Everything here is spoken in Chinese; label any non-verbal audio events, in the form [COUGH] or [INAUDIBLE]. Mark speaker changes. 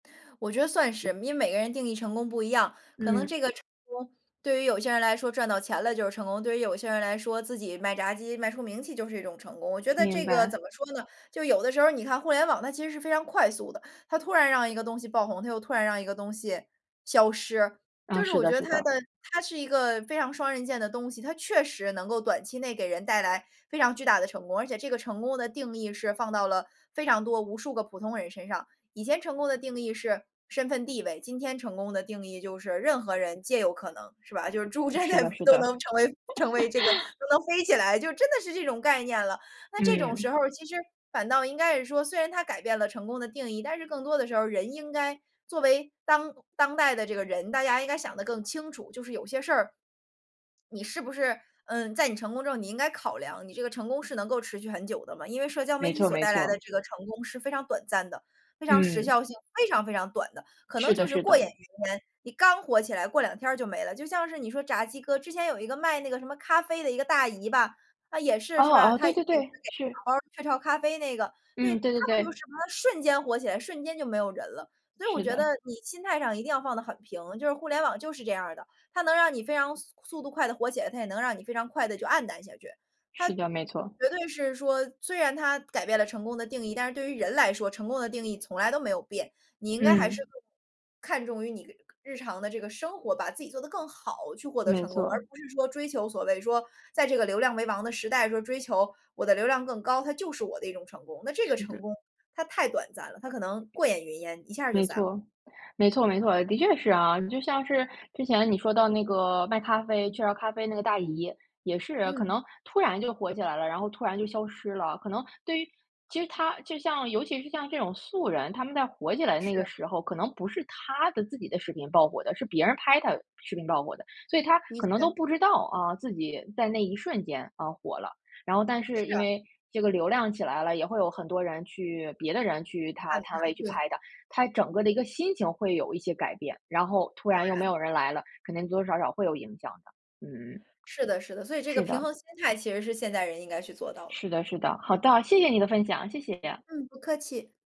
Speaker 1: 我觉得算是，因为每个人定义成功不一样，可能
Speaker 2: 嗯。
Speaker 1: 这个成功，对于有些人来说，赚到钱了就是成功，对于有些人来说，自己卖炸鸡卖出名气就是一种成功。我觉得
Speaker 2: 明
Speaker 1: 这个怎
Speaker 2: 白。
Speaker 1: 么说呢，就有的时候儿你看互联网，它其实是非常快速的，它突然让一个东西爆红，它又突然让一个东西消失，
Speaker 2: 啊，
Speaker 1: 就是
Speaker 2: 是
Speaker 1: 我
Speaker 2: 的
Speaker 1: 觉得
Speaker 2: 是
Speaker 1: 它
Speaker 2: 的。
Speaker 1: 的它是一个非常双刃剑的东西，它确实能够短期内给人带来非常巨大的成功，而且这个成功的定义是放到了非常多无数个普通人身上。以前成功的定义是身份地位，今天成功的定义就是任何人皆有可能，是吧？就是猪真的
Speaker 2: 是的是
Speaker 1: 都
Speaker 2: 的。
Speaker 1: 能成为成为这个都
Speaker 2: [LAUGHS]
Speaker 1: 能飞起来，就真的是这种概念了。那这种时
Speaker 2: 嗯。
Speaker 1: 候儿其实反倒应该是说，虽然它改变了成功的定义，但是更多的时候儿，人应该作为当当代的这个人，大家应该想得更清楚，就是有些事儿，你是不是，嗯，在你成功之后你应该考量，你这个成功是能够持续很久的吗？因为社交媒
Speaker 2: 没
Speaker 1: 体
Speaker 2: 错
Speaker 1: 所
Speaker 2: 没
Speaker 1: 带来的
Speaker 2: 错。
Speaker 1: 这个成功是非常短暂的，非常时
Speaker 2: 嗯。
Speaker 1: 效性，非常非常短的，可能
Speaker 2: 是
Speaker 1: 就
Speaker 2: 的
Speaker 1: 是
Speaker 2: 是
Speaker 1: 过
Speaker 2: 的。
Speaker 1: 眼云烟。你刚火起来，过两天儿就没了，就像是你说炸鸡哥，之前有一个卖那个什么咖啡的一个大姨吧，她也
Speaker 2: 哦
Speaker 1: 是，是吧？
Speaker 2: 哦，
Speaker 1: 她
Speaker 2: 对
Speaker 1: [UNINTELLIGIBLE]
Speaker 2: 对对，是。
Speaker 1: 雀巢咖啡那个，对，
Speaker 2: 嗯，
Speaker 1: 她
Speaker 2: 对对
Speaker 1: 不就是
Speaker 2: 对。
Speaker 1: 什么瞬间火起来，瞬间就没有人了。所以我
Speaker 2: 是
Speaker 1: 觉得
Speaker 2: 的。
Speaker 1: 你心态上一定要放得很平，就是互联网就是这样儿的，它能让你非常速速度快地火起来，它也能让你非常快地就黯淡下去。它
Speaker 2: 是
Speaker 1: 绝
Speaker 2: 的，没错。
Speaker 1: 对是说，虽然它改变了成功的定义，但是对于人来说，成功的定义从来都没有变，你应该还是
Speaker 2: 嗯。
Speaker 1: 更看重于你日常的这个生活，把自己做得更好去获得
Speaker 2: 没
Speaker 1: 成功，而
Speaker 2: 错。
Speaker 1: 不是说追求所谓说，在这个流量为王的时代说追求我的流量更高，它就是我的一种成功。那这个
Speaker 2: 是
Speaker 1: 成
Speaker 2: 的。
Speaker 1: 功，它太短暂了，它可能过眼云烟，一下儿就
Speaker 2: 没
Speaker 1: 散了。
Speaker 2: 错，没错没错，的确是啊，就像是之前你说到那个卖咖啡雀巢咖啡那个大姨，也是，可
Speaker 1: 嗯。
Speaker 2: 能突然就火起来了，然后突然就消失了，可能对于其实她就像尤其是像这种素人，他们在火起来的那
Speaker 1: 是。
Speaker 2: 个时候，可能不是她的自己的视频爆火的，是别人拍她视频爆火的。所以她
Speaker 1: 的
Speaker 2: 可能
Speaker 1: 确。
Speaker 2: 都不知道，啊，自己在那一瞬间，呃，火了。然后但是
Speaker 1: 是
Speaker 2: 因
Speaker 1: 啊。
Speaker 2: 为这个流量起来了，也会有很多人去别的人去她
Speaker 1: 看
Speaker 2: 摊
Speaker 1: 看，
Speaker 2: 位去
Speaker 1: 对。
Speaker 2: 拍她，她整个的一个心情会有一些改变，然后突然又没
Speaker 1: 对。
Speaker 2: 有人来了，肯定多多少少会有影响的，嗯。
Speaker 1: 是的是的，所以这个
Speaker 2: 是
Speaker 1: 平
Speaker 2: 的。
Speaker 1: 衡心态其实是现代人应该去做到的。
Speaker 2: 是的是的，好的，谢谢你的分享，谢谢。
Speaker 1: 嗯，不客气。